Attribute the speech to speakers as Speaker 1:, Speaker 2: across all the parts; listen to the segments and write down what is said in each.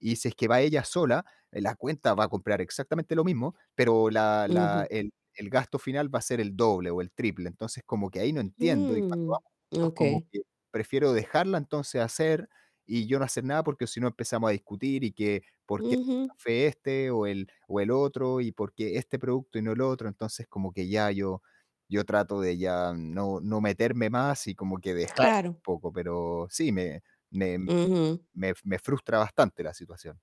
Speaker 1: Y si es que va ella sola, en la cuenta va a comprar exactamente lo mismo, pero la la
Speaker 2: Ujú.
Speaker 1: el el gasto final va a ser el doble o el triple. Entonces, como que ahí no entiendo, y cuando
Speaker 2: Mm,
Speaker 1: vamos juntos, como
Speaker 2: okey.
Speaker 1: que prefiero dejarla entonces hacer y yo no hacer nada, porque si no empezamos a discutir y que por qué el
Speaker 2: Ujú.
Speaker 1: café este o el o el otro y por qué este producto y no el otro. Entonces, como que ya yo yo trato de ya no no meterme más y como que dejarla un
Speaker 2: Claro.
Speaker 1: poco, pero sí me me
Speaker 2: Ujú.
Speaker 1: me me frustra bastante la situación.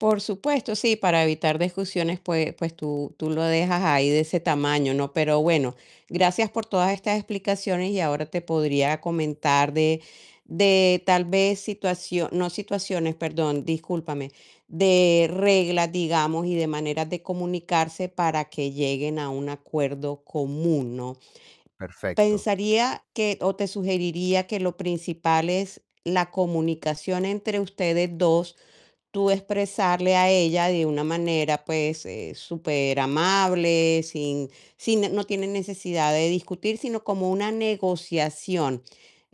Speaker 2: Por supuesto, sí, para evitar discusiones, pues pues tú tú lo dejas ahí de ese tamaño, ¿no? Pero bueno, gracias por todas estas explicaciones y ahora te podría comentar de de tal vez situacio no situaciones, perdón, discúlpame, de reglas, digamos, y de maneras de comunicarse para que lleguen a un acuerdo común, ¿no?
Speaker 1: Perfecto.
Speaker 2: Pensaría que o te sugeriría que lo principal es la comunicación entre ustedes 2 tú expresarle a ella de una manera, pues, eh, superamable, sin sin no tiene necesidad de discutir, sino como una negociación,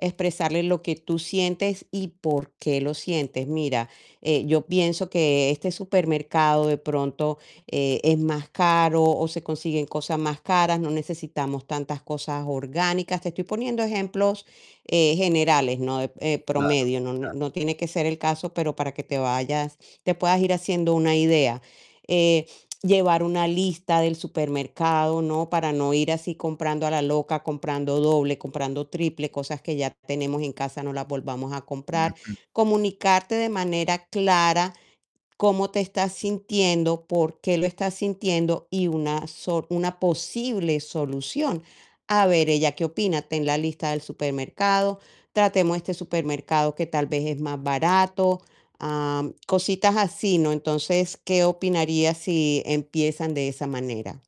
Speaker 2: expresarle lo que tú sientes y por qué lo sientes. Mira, eh, yo pienso que este supermercado de pronto, eh, es más caro o se consiguen cosas más caras, no necesitamos tantas cosas orgánicas. Te estoy poniendo ejemplos, eh, generales, ¿no? Eh,
Speaker 1: Claro,
Speaker 2: promedio. No
Speaker 1: claro.
Speaker 2: no tiene que ser el caso, pero para que te vayas te puedas ir haciendo una idea. Eh, llevar una lista del supermercado, ¿no? Para no ir así comprando a la loca, comprando doble, comprando triple, cosas que ya tenemos en casa no las volvamos a comprar.
Speaker 1: Ujú.
Speaker 2: Comunicarte de manera clara cómo te estás sintiendo, por qué lo estás sintiendo y una so una posible solución. A ver ella qué opina. Ten la lista del supermercado, tratemos este supermercado que tal vez es más barato. Ah, cositas así, ¿no? Entonces, ¿qué opinarías si empiezan de esa manera?